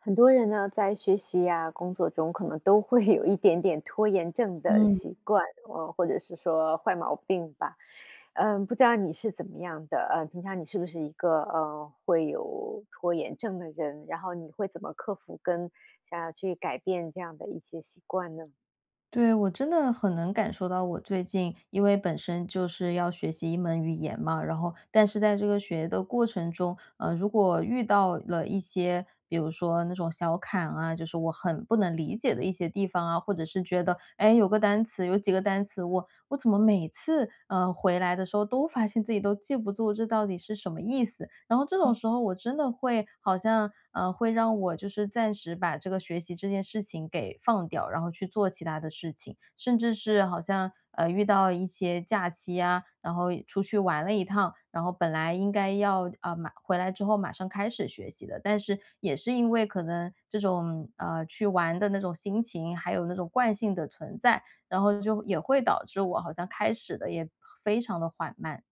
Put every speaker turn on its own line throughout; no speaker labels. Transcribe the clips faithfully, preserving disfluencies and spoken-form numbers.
很多人呢，在学习啊，工作中可能都会有一点点拖延症的
嗯。
习惯，嗯，或者是说坏毛病吧。呃，不知道你是怎么样的？呃，平常你是不是一个，呃，会有拖延症的人，然后你会怎么克服跟想要去改变这样的一些习惯呢？
对，我真的很能感受到我最近因为本身就是要学习一门语言嘛，然后但是在这个学的过程中，呃，如果遇到了一些，比如说那种小坎啊，就是我很不能理解的一些地方啊，或者是觉得，哎，有个单词，有几个单词，我我怎么每次，呃，回来的时候都发现自己都记不 zu 这到底是什么意思。然后这
嗯。
种时候我真的会好像，呃，会让我就是暂时把这个学习这件事情给放掉，然后去做其他的事情。甚至是好像，呃，遇到一些假期呀，然后出去玩了一趟，然后本来应该要，呃，马回来之后马上开始学习的，但是也是因为可能这种，啊，去玩的那种心情，还有那种惯性的存在，然后就也会导致我好像开始得也非常地缓慢。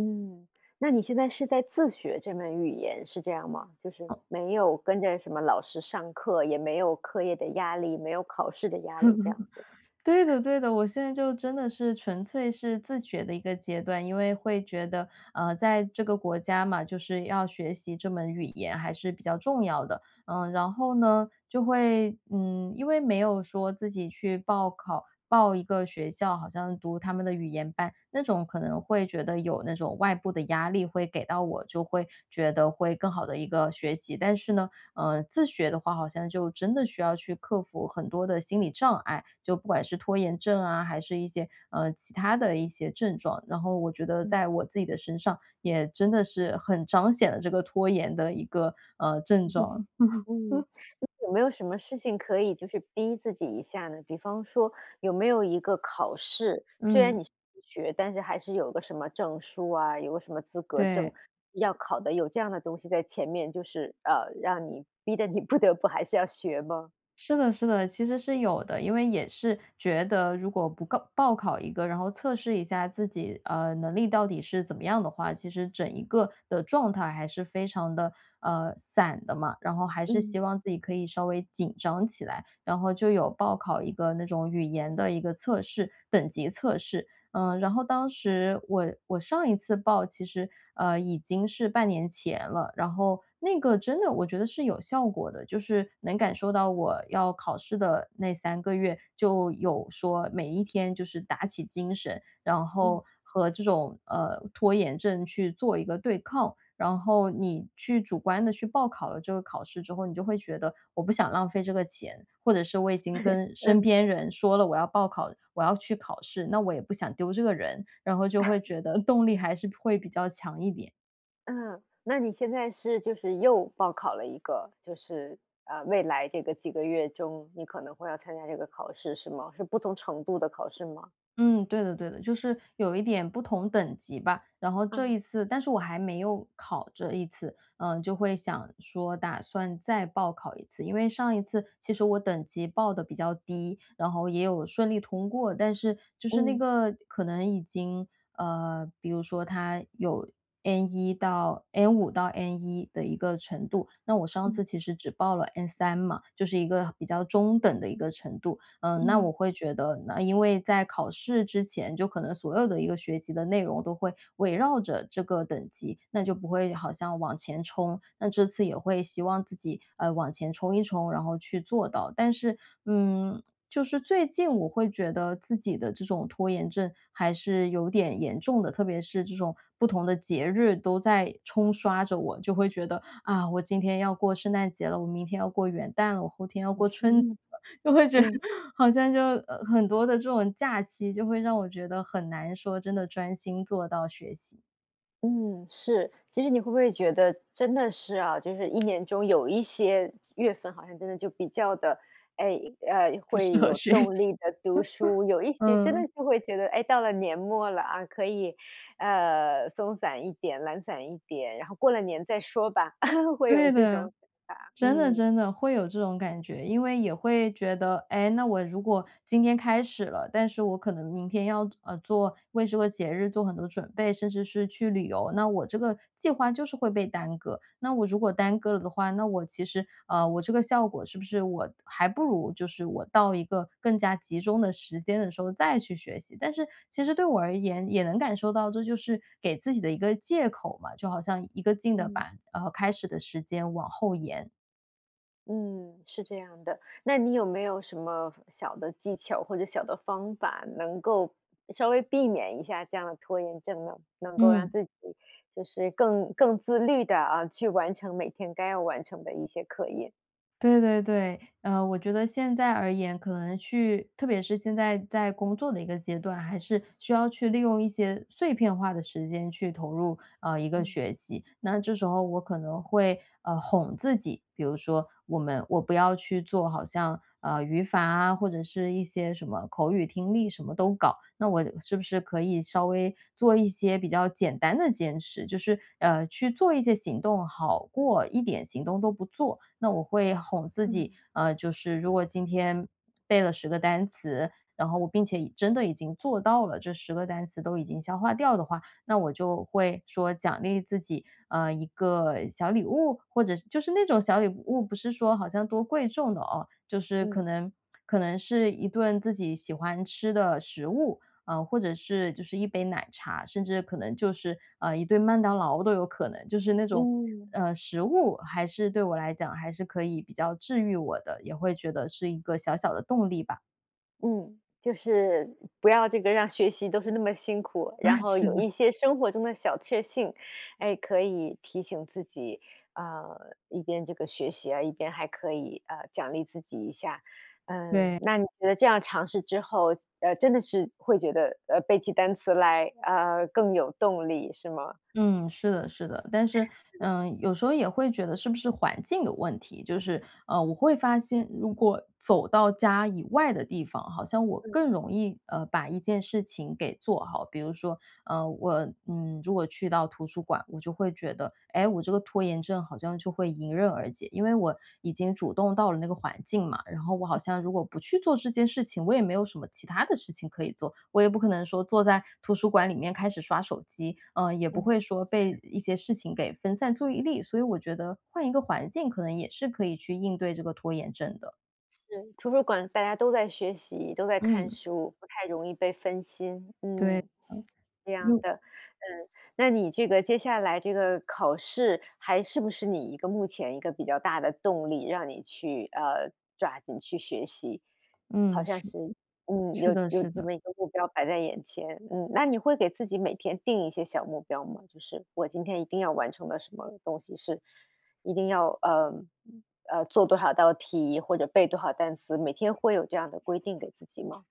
嗯，那你现在是在自学这门语言，是这样吗？就是没有跟着什么老师上课，也没有课业的压力，没有考试的压力，这样子。
对的，对的，我现在就真的是纯粹是自学的一个阶段，因为会觉得，呃，在这个国家嘛，就是要学习这门语言还是比较重要的。呃，然后呢，就会嗯，因为没有说自己去报考报一个学校，好像读他们的语言班，那种可能会觉得有那种外部的压力会给到我，就会觉得会更好地一个学习。但是呢，呃，自学的话好像就真的需要去克服很多的心理障碍，就不管是拖延症啊，还是一些，呃，其他的一些症状，然后我觉得在
嗯。
我自己的身上，也真的是很彰显了这个拖延的一个，呃，症状。
嗯，那有没有什么事情可以就是逼自己一下呢？比方说有没有一个考试，虽然
嗯。
你是自学，但是还是有个什么证书啊，有个什么资格证
对。
要考的，有这样的东西在前面，就是，呃，让你逼得你不得不还是要学吗？
是的是的，其实是有的。因为也是觉得如果不告报考一个，然后测试一下自己，呃，能力到底是怎么样的话，其实整一个的状态还是非常的，呃，散的嘛，然后还是希
嗯。
望自己可以稍微紧张起来。然后就有报考一个那种语言的一个测试-等级测试。嗯，然后当时我我上一次报其实，呃，已经是半年前了，然后那个真的我觉得是有效果的，就是能感受到我要考试的那三个月，就有说每一天就是打起精神，然
嗯。
后和这种，呃，拖延症去做一个对抗。然后你去主观地去报考了这个考试之后，你就会觉得我不想浪费这个钱，或者是我已经 跟身
嗯。
边人说了，我要报考我要去考试，那我也不想丢这个人，然后就会 觉得动力还是会比较强一点。
嗯，那你现在是就是又报考了一个，就是，啊，未来这个几个月中，你可能会要参加这个考试是吗？是不同程度的考试吗？
嗯，对的对的，就是有一点不同等级吧。然后这一
啊。
次但是我还没有考这一次，嗯，就会想说打算再报考一次，因为上一次其实我等级报得比较低，然后也有顺利通过，但是就是那
嗯。
个可能已经呃，比如说它有 N1 到 N5 到 N1 的一个程度，那我上
嗯。
次其实只报了 N3 嘛，就是一个比较中等的一个程度。嗯，那我
嗯。
会觉得，那因为在考试之前，就可能所有的一个学习的内容都会围绕着这个等级，那就不会好像往前冲。那这次也会希望自己，呃，往前冲一冲，然后去做到。但是，嗯，就是最近我会觉得自己的这种拖延症还是有点严重的，特别是这种不同的节日都在冲刷着我，就会觉得，啊，我今天要过圣诞节了，我明天要过元旦了，我后天要过春节 了，就会觉
嗯。
好像就，呃，很多的这种假期就会让我觉得很难说真的专心做到学习。
嗯，是，其实你会不会觉得真的是啊，就是一年中有一些月份好像真的就比较的哎，呃，
不适
会
合
有
学习。
动 力地读书，有一些真
嗯。
的就会觉得，哎，到了年末了啊，可以，呃，松散一点、懒散一点，然后过了年再说吧。会有
对
这种
的，
想法，
真的
嗯。
真的，会有这种感觉。因为也会觉得，哎，那我如果今天开始了，但是我可能明天要做呃，做为这个节日做很多准备，甚至是去旅游。那我这个计划就是会被耽搁，那我如果耽搁了的话，那我其实，啊，我这个效果是不是我还不如就是，我到一个更加集中的时间的时候再去学习？但是其实对我而言也能感受到，这就是给自己的一个借口嘛，就好像一个劲的
嗯。
板然后开始的时间往后延。
嗯，是这样的，那你没有什么小的技巧或者小的方法，能够稍微避免一下这样拖延症呢？能够让
嗯。
自己就是更更自律地，啊，去完成每天该要完成的一些课业。
对对对。呃，我觉得现在而言，可能去特别是现在在工作的一个阶段，还是需要去利用一些碎片化的时间去投入，啊，一个
嗯。
学习。那这时候我可能会，呃，哄自己，比如说我们我不要去做好像，啊，语法啊，或者是一些什么口语听力，什么都搞。那我是不是可以稍微做一些比较简单的坚持，就是，呃，去做一些行动好过一点行动都不做。那我会哄自己，
嗯。
啊，就是如果今天背了十个单词，然后我并且已真的已经做到了，这十个单词都已经消化掉的话，那我就会说奖励自己，啊，一个小礼物，或者是就是那种小礼物，不是说好像多贵重的哦，就是
嗯。
可能可能是一顿自己喜欢吃的食物，啊，或者是，就是一杯奶茶，甚至可能，就是，啊，一顿麦当劳都有可能。就是那种，
嗯。
呃，食物还是对我来讲还是可以比较治愈我的，也会觉得是一个小小的动力吧。
嗯，就是不要这个让学习都是那么辛苦，然 后
是
有
的。
一些生活中的小确幸。诶，可以提醒自己，呃，一边这个学习啊，一边还可以，呃，奖励自己一下。嗯，
对。
那你觉得这样尝试之后，呃，真的是会觉得，呃，背起单词来，呃，更有动力，是吗？
嗯，是的，是的。但是，嗯，有时候也会觉得是不是环境有问题，就是，呃，我会发现如果走到家以外的地方，好像我
嗯。
更容易，呃，把一件事情给做好。比如说，呃，我，嗯，如果去到图书馆，我就会觉得，诶，我这个拖延症好像就会迎刃而解，因为我已经主动到了那个环境嘛，然后我好
嗯。
像如果不去做这件事情，我也没有什么其它的事情可以做。我也不可能说坐在图书馆里面开始刷手机，嗯，也不
嗯。
会说被
是。
一些事情给分散 zu 意力，所以我觉得换一个环境可能也是可以去应对这个拖延症的。
是，图书馆大家都在学习、都在看
嗯。
书，不太容易被分心，
对，
嗯，这
嗯，
样
又
的。嗯，那你这个接下来这个考试，还是不是你一个目前一个比较大的动力，让你去，呃，抓紧去学习。好
嗯，
像
是。
是嗯，
是
有
的
有
是
这
的。
么一个目标摆在眼前，嗯。那你会给自己每天定一些小目标吗？就是我今天一定要完成的什么东西是一定要，呃，嗯，呃，做多少道题或者背多少单词，每天会有这样的规定给自己吗？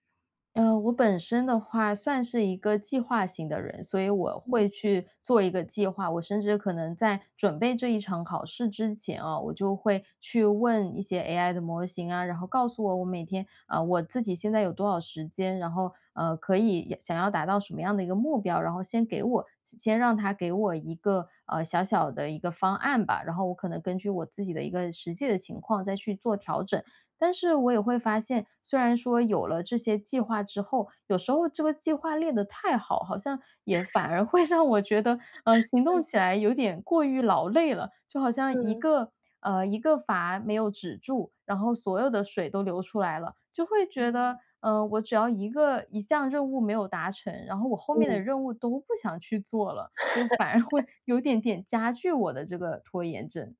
嗯，我本身的话算是一个计划型的人，所以我会
嗯。
去做一个计划。我甚至可能在准备这一场考试之前啊，我就会去问一些 AI 的模型啊，然后告诉我我每天啊，我自己现在有多少时间，然后，呃，可以，也想要达到什么样的一个目标。然后先给我，先先让它给我一个，呃，小小的一个方案吧，然后我可能根据我自己的一个实际的情况再去做调整。但是我也会发现，虽然说有了这些计划之后，有时候这个计划列得太好，好像也反 而会让我觉得，呃，行动
嗯。
起来有点过于劳累了，就好像一
嗯。
个，呃，一个阀没有止住，然后所有的水都流出来了。就会觉得，
嗯。
呃，我只要一个一项任务没有达成，然后我后面的
嗯。
任务都不想去做了，就反而会 有点点加剧我的这个拖延症。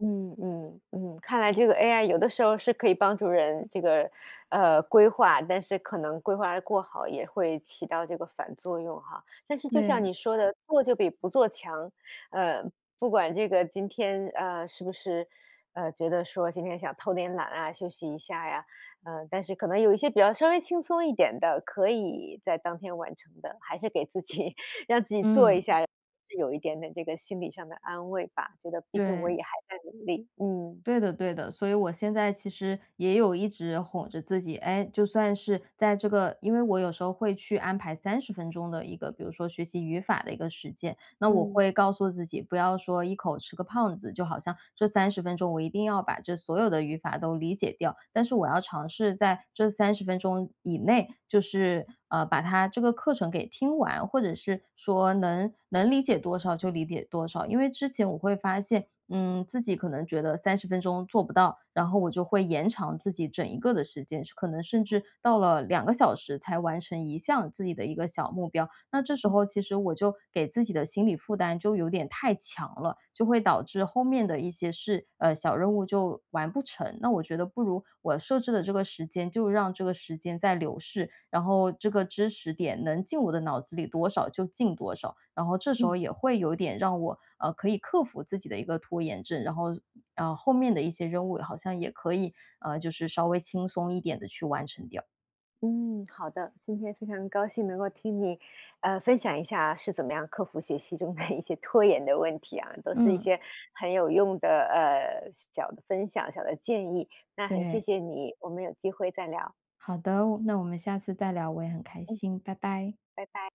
嗯，嗯，嗯，看来这个 AI 有的时候是可以帮助人这个，呃，规划，但是可能规划得过好也会起到这个反作用哈。但是就像
对。
你说的，做就比不做强，呃，不管这个今天，呃，是不是，呃，觉得说今天想偷点懒啊，休息一下呀，呃，但是可能有一些比较稍微轻松一点的，可以在当天完成的，还是给自己，让自己做一
嗯。
下，是有一点点这个心理上的安慰吧，觉得毕竟我
对。
也还在努力，嗯。
对的对的，所以我现在其实也有一直哄着自己。诶，就算是在这个因为我有时候会去安排三十分钟的一个比如说学习语法的一个时间，那我
嗯。
会告诉自己，不要说一口吃个胖子，就好像这三十分钟我一定要把这所有的语法都理解掉。但是我要尝试在这三十分钟以内，就是，啊，把它这个课程给听完，或者是说能能理解多少就理解多少。因为之前我会发现，嗯，自己可能觉得三十分钟做不到，然后我就会延长自己整一个的时间，是可能甚
啊。
至到了两个小时才完成一项自己的一个小目标。那这时
嗯。
候其实我就给自己的心理负担就有点太强了，就会导致后面的一些事呃，小任务就完不成。那我觉得不如我设置的这个时间，就让这个时间在流逝，然后这个知识点能进我脑子里多少就进多少，然后这时候
嗯。
也会有点让我，呃，可以克服自己的一个拖延症，然后，呃，后面的一些任务好像也可以，啊，就是稍微轻松一点地去完成掉。
嗯，好的，今天非常高兴能够听你，呃，分享一下是怎么样克服学习中的 一些拖延的问题啊，都是一
嗯。
些很有用的，呃，小的分享、小的建议。那很谢
对。
谢你，我们有机会再聊。
好的，我那我们下次再聊，我也很开
嗯。
心，拜拜。
拜拜。